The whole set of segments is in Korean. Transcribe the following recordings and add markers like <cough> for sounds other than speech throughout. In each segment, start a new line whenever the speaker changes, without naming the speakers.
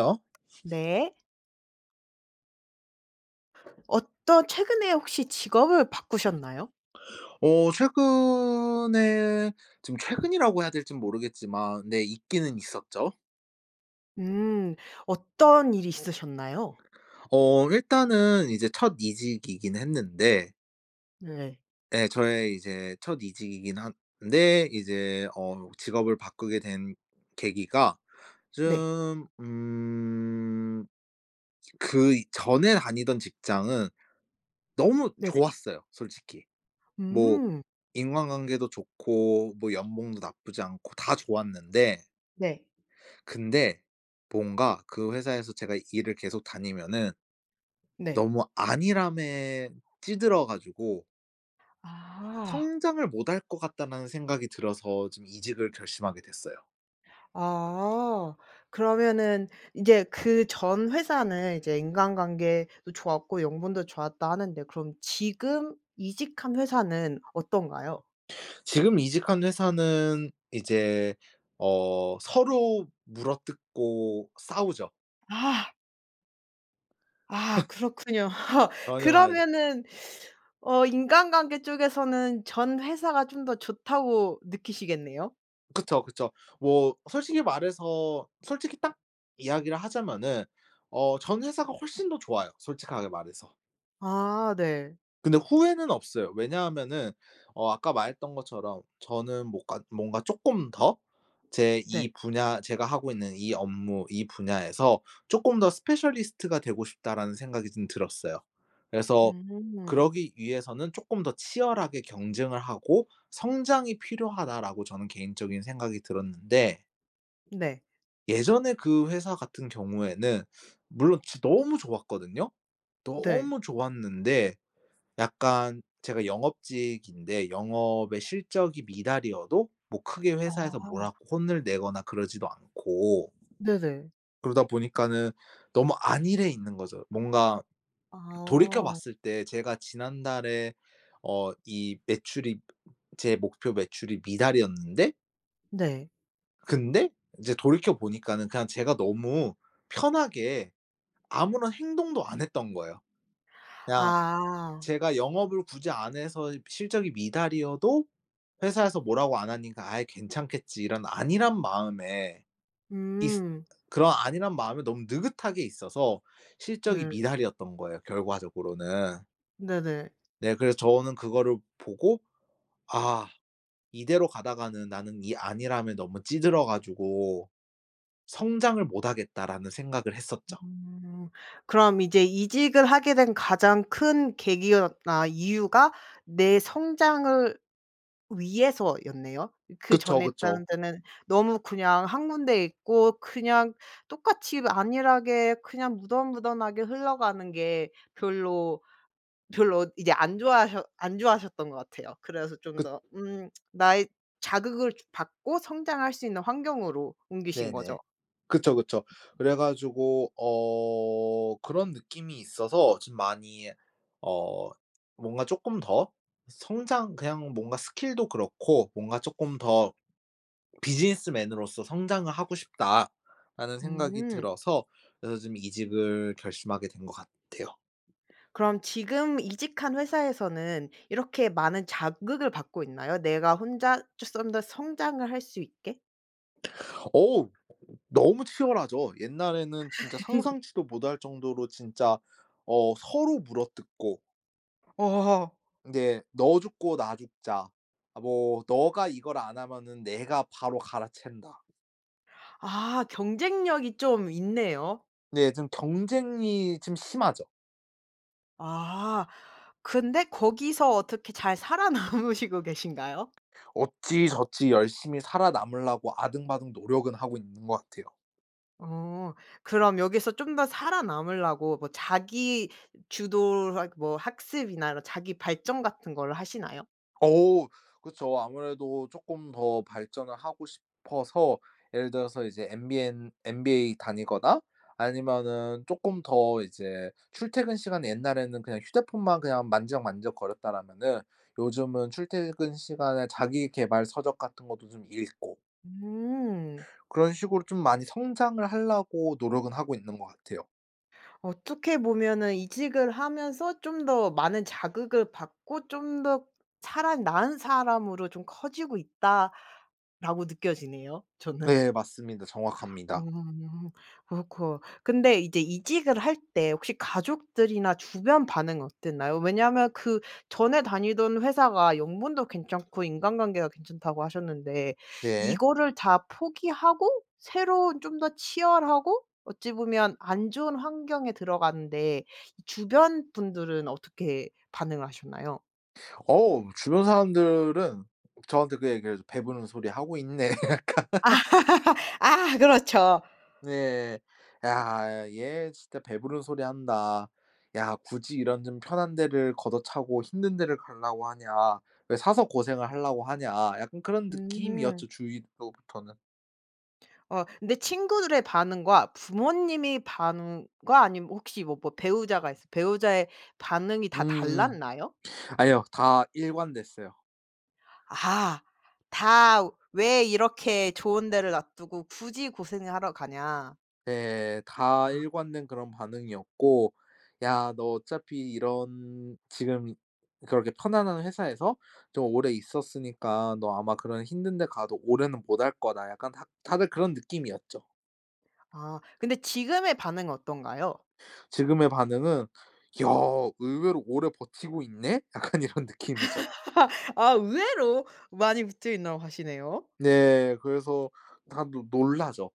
요?
네. 어떤 최근에 혹시 직업을 바꾸셨나요?
어 최근에 지금 최근이라고 해야 될진 모르겠지만 네, 있기는 있었죠.
음. 어떤 일이 있으셨나요?
어 일단은 이제 첫 이직이긴 했는데
네.
예, 저의 이제 첫 이직이긴 한데 이제 어 직업을 바꾸게 된 계기가
네.
좀 음 그전에 다니던 직장은 너무
네네.
좋았어요, 솔직히. 뭐
음.
인간관계도 좋고 뭐 연봉도 나쁘지 않고 다 좋았는데
네.
근데 뭔가 그 회사에서 제가 일을 계속 다니면은
네.
'너무 안일함에 찌들어 가지고'
아.
'성장을 못 할 것 같다.'라는 생각이 들어서 좀 이직을 결심하게 됐어요.
아. 그러면은 인제 그 "전 회사는 이제 인간관계도 좋았고 연봉도 좋았다." 하는데 그럼 지금 이직한 회사는 어떤가요?
지금 이직한 회사는 이제 어 서로 물어뜯고 싸우죠.
아. 아
<laughs>
그렇군요. <laughs>
<unintelligible>
그러면은 <sucks teeth> 어 인간관계 쪽에서는 전 회사가 좀 더 좋다고 느끼시겠네요?
그쵸, 그쵸. 뭐 솔직히 말해서 솔직히 딱 이야기를 하자면은 어 전 회사가 훨씬 더 좋아요 솔직하게 말해서.
아 네.
근데 후회는 없어요. 왜냐하면은 어 아까 말했던 것처럼 저는 뭐가 뭔가 쪼끔 더 '제
네.
이 분야 제가 하고 있는 이 업무 이 분야에서 쪼끔 더 스페셜리스트가 되고 싶다.'라는 생각이 좀 들었어요. 그래서
음.
'그러기 위해서는 쪼끔 더 치열하게 경쟁을 하고 성장이 필요하다.'라고 저는 개인적인 생각이 들었는데
네.
예전에 그 회사 같은 경우에는 <sniffs> 물론 진 너무 좋았거든요.
네.
너무 좋았는데 약간 제가 영업직인데 영업의 실적이 미달이어도 뭐 크게 회사에서 뭐라고
아.
혼을 내거나 그러지도 않고
네네.
그러다 보니까는 너무 안일해 있는 거죠. 뭔가 <swallows> 돌이켜
아.
봤을 때 제가 지난달에 어 이 매출이 제 목표 매출이 미달이었는데
네.
근데 인제 돌이켜 보니까는 그냥 제가 너무 편하게 아무런 행동도 안 했던 거예요. 그냥
아.
제가 영업을 굳이 안 해서 실적이 미달이어도 회사에서 뭐라고 안 하니까 '아이 괜찮겠지.' 이런 안일한 마음에 있으
음.
그런 안일한 마음에 너무 느긋하게 있어서 실적이
네.
미달이었던 거예요, 결과적으로는.
네네.
네, 그래서 저는 그거를 보고 '아, 이대로 가다가는 나는 이 안일함에 너무 찌들어 가지고 성장을 못 하겠다.'라는 생각을 했었죠.
음. 그럼 이제 이직을 하게 된 가장 큰 계기였 아 이유가 내 성장을 위해서였네요.
그쵸,
그전에
그쵸.
했다는 데는 너무 그냥 1 군데 있고 그냥 똑같이 안일하게 그냥 무던 무던하게 흘러가는 게 별로 별로 이제 안 좋아하셔 안 좋아하셨던 것 같아요. 그래서 좀
그
더 음 <tsk> 나의 자극을 받고 성장할 수 있는 환경으로 옮기신
네네.
거죠.
그쵸, 그쵸. 그래 가지고 어 그런 느낌이 있어서 좀 많이 어 뭔가 쪼끔 더 성장 그냥 뭔가 스킬도 그렇고 뭔가 '쪼끔 더 비즈니스맨으로서 성장을 하고 싶다.'라는 생각이
음.
들어서 그래서 지금 이직을 결심하게 된 것 같아요.
그럼 지금 이직한 회사에서는 이렇게 많은 자극을 받고 있나요, 내가 혼자 좀 쪼썸 더 성장을 할 수 있게?
어우 너무 치열하죠. 옛날에는 진짜
<laughs>
상상치도 못할 정도로 진짜 어 서로 물어뜯고
어하하.
이게 '너 죽고 나 죽자. 아 뭐 너가 이걸 안 하면은 내가 바로 갈아챈다.'
아 경쟁력이 좀 있네요.
네 좀 경쟁이 좀 심하죠.
아. 근데 거기서 어떻게 잘 살아남으시고 계신가요?
어찌저찌 열심히 살아남으려고 아등바등 노력은 하고 있는 것 같아요.
어. 그럼 여기서 좀 더 살아남으려고 뭐 자기 주도라 뭐 학습이나 이런 자기 발전 같은 거를 하시나요?
어 그쵸. 아무래도 쪼끔 더 발전을 하고 싶어서 예를 들어서 이제 MBN MBA다니거나 아니면은 쪼끔 더 이제 출퇴근 시간이 옛날에는 그냥 휴대폰만 그냥 만지작만지작 거렸다라면은 요즘은 출퇴근 시간에 자기계발 서적 같은 것도 좀 읽고
음.
그런 식으로 좀 많이 성장을 하려고 노력은 하고 있는 것 같아요.
어떻게 보면은 '이직을 하면서 좀 더 많은 자극을 받고 좀 더 차라리 나은 사람으로 좀 커지고 있다.'라고 느껴지네요 저는.
네 맞습니다. 정확합니다.
음. 어이코. 근데 이제 이직을 할 때 혹시 가족들이나 주변 반응 어땠나요? 왜냐하면 그 전에 다니던 회사가 연봉도 괜찮고 인간관계도 괜찮다고 하셨는데
네.
이거를 다 포기하고 새로운 좀 더 치열하고 어찌 보면 안 좋은 환경에 들어갔는데 이 주변 분들은 어떻게 반응을 하셨나요?
어 주변 사람들은 저한테 그 얘기를 해서 "배부른 소리 하고 있네." 약간 <laughs>
<laughs> 아 그렇죠.
네. '야 얘 진짜 배부른 소리 한다. 야 굳이 이런 좀 편한 데를 걷어차고 힘든 데를 가려고 하냐. 왜 사서 고생을 하려고 하냐.' 약간 그런
음.
느낌이었죠 주위로부터는.
어 근데 친구들의 반응과 부모님의 반응과 아니면 혹시 뭐 뭐 배우자가 있어 배우자의 반응이 다
음음.
달랐나요?
아니요 다 일관됐어요.
아. 다 "왜 이렇게 좋은 데를 놔 두고 굳이 고생을 하러 가냐?"
네. 다
아.
일관된 그런 반응이었고 "야. 너 어차피 이런 지금 그렇게 편안한 회사에서 좀 오래 있었으니까 너 아마 그런 힘든 데 가도 오래는 못 할 거다." 약간 다 다들 그런 느낌이었죠.
아 근데 지금의 반응은 어떤가요?
지금의 반응은 "야. 의외로 오래 버티고 있네?" 약간 이런 느낌이죠.
<laughs> 아 의외로 많이 붙어 있나고 하시네요.
네. 그래서 다들 놀라죠.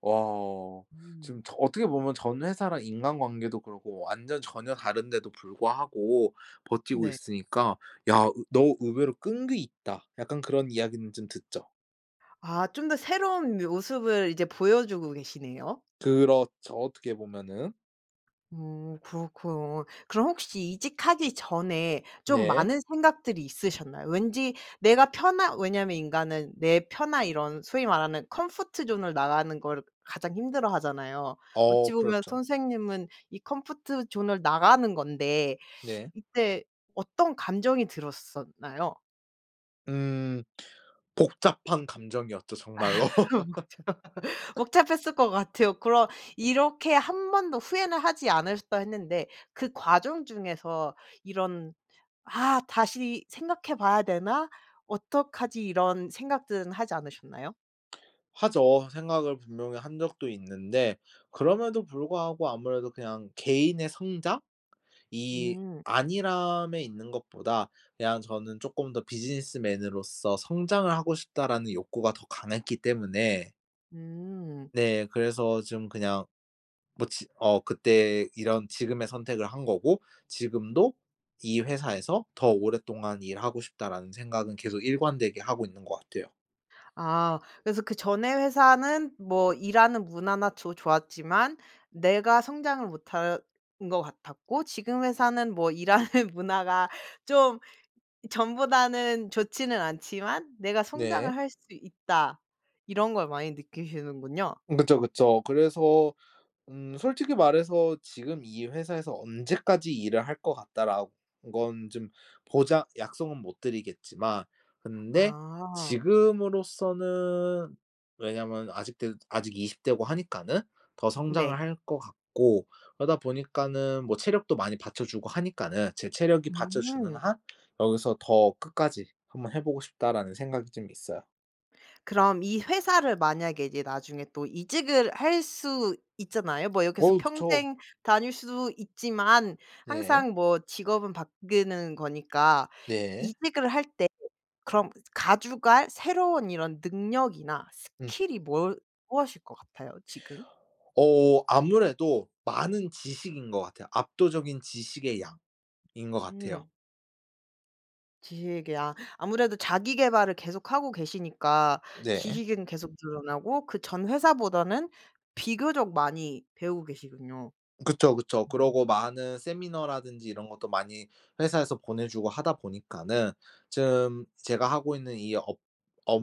"와." 지금
음.
저 어떻게 보면 전 회사랑 인간관계도 그렇고 완전 전혀 다른데도 불구하고 버티고
네.
있으니까 "야. 의 너 의외로 끈기 있다." 약간 그런 이야기는 좀 듣죠.
아. 좀 더 새로운 모습을 이제 보여주고 계시네요.
그렇죠, 어떻게 보면은.
음. 그렇군. 그럼 혹시 이직하기 전에 좀
네.
많은 생각들이 있으셨나요? 왠지 내가 편한 왜냐하면 인간은 내 편한 이런 소위 말하는 comfort zone을 나가는 걸 가장 힘들어하잖아요. 어찌
어
보면
그렇죠.
선생님은 이 comfort zone을 나가는 건데
네.
이때 어떤 감정이 들었었나요?
음 복잡한 감정이었죠 정말로.
<laughs> 복잡
<laughs>
복잡했을 것 같아요. 그럼 이렇게 "1 번도 후회는 하지 않으셨다." 했는데 그 과정 중에서 이런 '아 다시 생각해 봐야 되나? 어떡하지?' 이런 생각들은 하지 않으셨나요?
하죠. 생각을 분명히 한 적도 있는데 그럼에도 불구하고 아무래도 그냥 개인의 성장이
음.
안일함에 있는 것보다 그냥 저는 쪼끔 더 '비즈니스맨으로서 성장을 하고 싶다.'라는 욕구가 더 강했기 때문에
음.
네. 그래서 좀 그냥 뭐 지 어 그때 이런 지금의 선택을 한 거고 지금도 '이 회사에서 더 오랫동안 일하고 싶다.'라는 생각은 계속 일관되게 하고 있는 것 같아요.
아 그래서 '그전에 회사는 뭐 일하는 문화나 조 좋았지만 내가 성장을 못하는 것 같았고 지금 회사는 뭐 일하는 문화가 좀 전보다는 좋지는 않지만 내가
네.
성장을 할 수 있다.' 이런 걸 많이 느끼시는군요.
그쵸, 그쵸. 그래서 음 솔직히 말해서 '지금 이 회사에서 언제까지 일을 할 것 같다.'라는 건 좀 보장 약속은 못 드리겠지만 근데
아.
지금으로서는 왜냐하면 아직도, 아직 20 대고 하니까는 더
네.
성장을 할 것 같고 그러다 보니까는 뭐 체력도 많이 받쳐 주고 하니까는 '제 체력이 받쳐주는
음.
한 여기서 더 끝까지 한번 해 보고 싶다.'라는 생각이 좀 있어요.
그럼 이 회사를 만약에 이제 나중에 또 이직을 할 수 있잖아요. 뭐 여기서
어 그쵸.
평생 다닐 수 있지만
네.
항상 뭐 직업은 바뀌는 거니까.
네.
이직을 할 때 그럼 가져갈 새로운 이런 능력이나
음.
스킬이 무얼 무엇일 것 같아요 지금?
어 아무래도 많은 지식인 것 같아요. 압도적인 지식의 양인 것 같아요.
음. 지식이요. 아무래도 자기계발을 계속 하고 계시니까
네.
지식은 계속 늘어나고 그 전 회사보다는 비교적 많이 배우고 계시군요.
그쵸, 그쵸.
음.
그러고 많은 세미나라든지 이런 것도 많이 회사에서 보내주고 하다 보니까는 좀 제가 하고 있는 이 업 업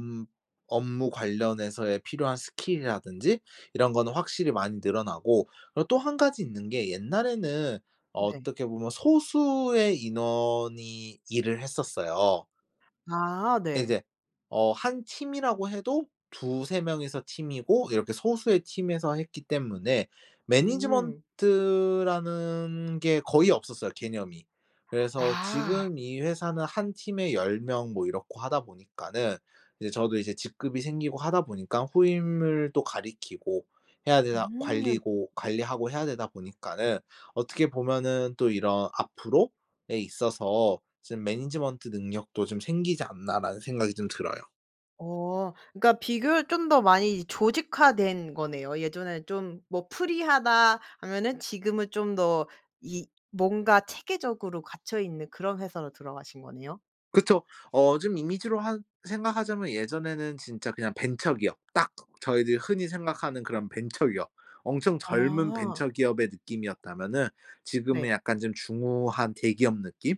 업무 관련해서의 필요한 스킬이라든지 이런 거는 확실히 많이 늘어나고 그리고 또 1 가지 있는 게 옛날에는
네.
어떻게 보면 소수의 인원이 일을 했었어요.
아
예
네.
이제 어 1 팀이라고 해도 2-3 명이서 팀이고 이렇게 소수의 팀에서 했기 때문에 management
음.
라는 게 거의 없었어요 개념이. 그래서
아.
지금 이 회사는 1 팀에 10 명 뭐 이렇고 하다 보니까는 이제 저도 이제 직급이 생기고 하다 보니깐 후임을 또 가르치고 해야 되나
음.
관리고 관리하고 해야 되다 보니까는 어떻게 보면은 또 이런 앞으로에 있어서 '좀 management 능력도 좀 생기지 않나.'라는 생각이 좀 들어요.
어 그러니까 비교를 좀 더 많이 조직화된 거네요. 예전에는 좀 뭐 '프리하다.' 하면은 지금은 좀 더 이 뭔가 체계적으로 갖춰 있는 그런 회사로 들어가신 거네요?
그쵸. 어 좀 이미지로 한 생각하자면 예전에는 진짜 그냥 벤처기업 딱 저희들이 흔히 생각하는 그런 벤처기업 엄청 젊은
아.
벤처기업의 느낌이었다면은
네.
지금은 약간 좀 중후한 대기업 느낌?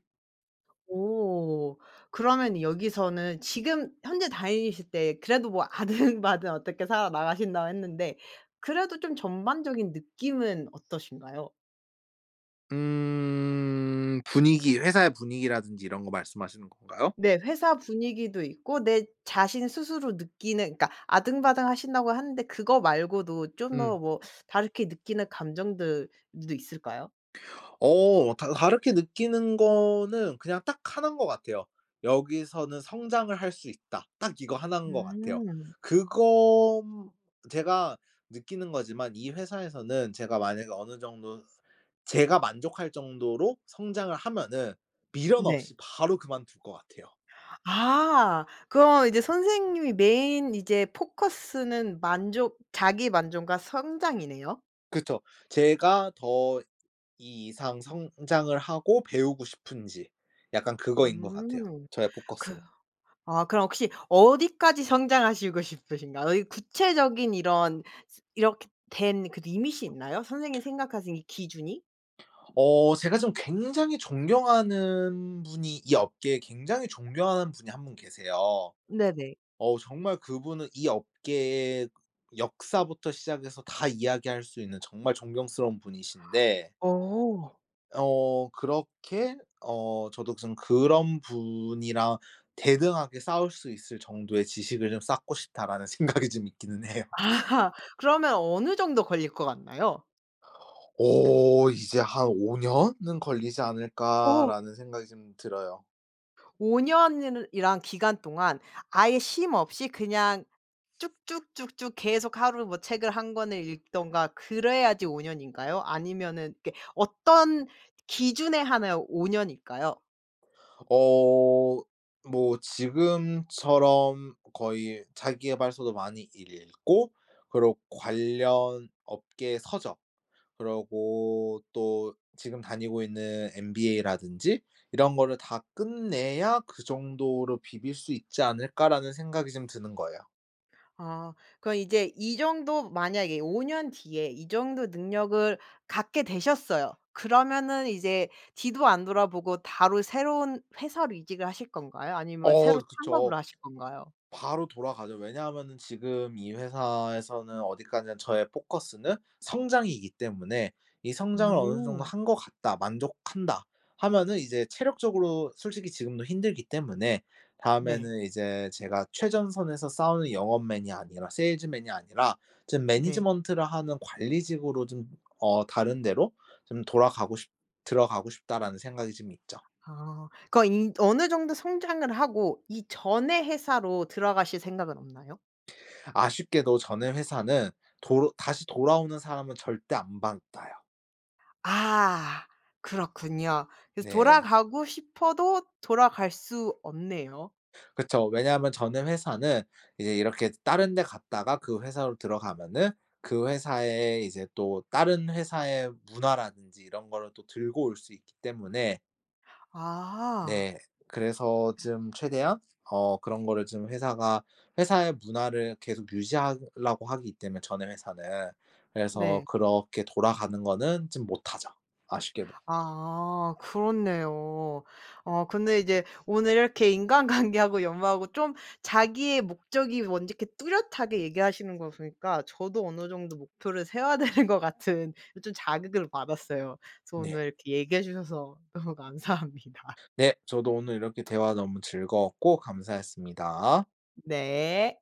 오. 그러면 여기서는 지금 현재 다니실 때 그래도 뭐 아등바등 어떻게 살아 나가신다고 했는데 그래도 좀 전반적인 느낌은 어떠신가요?
음. 분위기 회사의 분위기라든지 이런 거 말씀하시는 건가요?
네. 회사 분위기도 있고 내 자신 스스로 느끼는 그러니까 아등바등하신다고 하는데 그거 말고도 좀 더
음.
뭐 다르게 느끼는 감정들도 있을까요?
어 다 다르게 느끼는 거는 그냥 딱 1 인 것 같아요. '여기서는 성장을 할 수 있다.' 딱 이거 1 인 것 같아요.
음.
그건 제가 느끼는 거지만 이 회사에서는 제가 만약에 어느 정도 제가 만족할 정도로 성장을 하면은 미련
네.
없이 바로 그만둘 것 같아요.
아 그럼 이제 선생님이 메인 이제 포커스는 만족 자기만족과 성장이네요?
그쵸. 제가 더 이 이상 성장을 하고 배우고 싶은지 약간 그거인 것 같아요
음
저의
그
포커스는.
아 그럼 혹시 어디까지 성장하시고 싶으신가요? 이 구체적인 이런 이렇게 된 그 limit이 있나요? 선생님 생각하신 이 기준이?
어 제가 좀 굉장히 존경하는 분이 이 업계에 굉장히 존경하는 분이 1 분 계세요.
네네.
어 정말 그분은 이 업계의 역사부터 시작해서 다 이야기할 수 있는 정말 존경스러운 분이신데
어.
어 그렇게 어 저도 무슨 '그런 분이랑 대등하게 싸울 수 있을 정도의 지식을 좀 쌓고 싶다.'라는 생각이 좀 있기는 해요.
아. 그러면 어느 정도 걸릴 것 같나요?
오 이제 한 '5 년은 걸리지
어.
않을까.'라는 생각이 좀 들어요.
5 년이라 이라는 기간 동안 아예 쉼 없이 그냥 쭉 쭉 쭉 쭉 계속 하루 뭐 책을 1 권을 읽든가 그래야지 5 년인가요? 아니면은 이게 어떤 기준에 한하여 5 년일까요?
어 뭐 지금처럼 거의 자기계발서도 많이 읽고 그리고 관련 업계 서적 그리고 또 지금 다니고 있는 MBA라든지 '이런 거를 다 끝내야 그 정도로 비빌 수 있지 않을까.'라는 생각이 좀 드는 거예요.
아. 그럼 이제 이 정도 만약에 5 년 뒤에 이 정도 능력을 갖게 되셨어요. 그러면은 이제 뒤도 안 돌아보고 바로 새로운 회사로 이직을 하실 건가요? 아니면
어
새로
그쵸.
창업을 하실 건가요?
바로 돌아가죠. 왜냐하면은 지금 이 회사에서는 어디까지나 저의 포커스는 성장이기 때문에 이 '성장을 어느 정도
음.
한 것 같다. 만족한다.'하면은 이제 체력적으로 솔직히 지금도 힘들기 때문에
네.
다음에는 이제 제가 '최전선에서 싸우는 영업맨이 아니라 세일즈맨이 아니라 좀
네.
management를 하는 관리직으로 좀 어 다른 데로 좀 돌아가고 싶 들어가고 싶다.'라는 생각이 좀 있죠.
아 거 인 어느 정도 성장을 하고 이 전에 회사로 들어가실 생각은 없나요?
아쉽게도 전에 회사는 도로 다시 돌아오는 사람은 절대 안 받아요.
아 그렇군요. 그래서
네.
돌아가고 싶어도 돌아갈 수 없네요.
그쵸. 왜냐하면 전에 회사는 이제 이렇게 다른 데 갔다가 그 회사로 들어가면은 그 회사의 이제 또 다른 회사의 문화라든지 이런 거를 또 들고 올 수 있기 때문에
아.
네 그래서
아.
좀 최대한 어 그런 거를 좀 회사가 회사의 문화를 계속 유지하려고 하기 때문에 전의 회사는 그래서
네.
그렇게 돌아가는 거는 좀 못하죠 아쉽게도.
아 그렇네요. 어 근데 이제 오늘 이렇게 인간관계하고 연마하고 좀 자기의 목적이 뭔지 이렇게 뚜렷하게 얘기하시는 거 보니까 저도 어느 정도 목표를 세워야 되는 것 같은 이 좀 자극을 받았어요. 그래서
네.
오늘 이렇게 얘기해 주셔서 너무 감사합니다.
네 저도 오늘 이렇게 대화 너무 즐거웠고 감사했습니다.
네.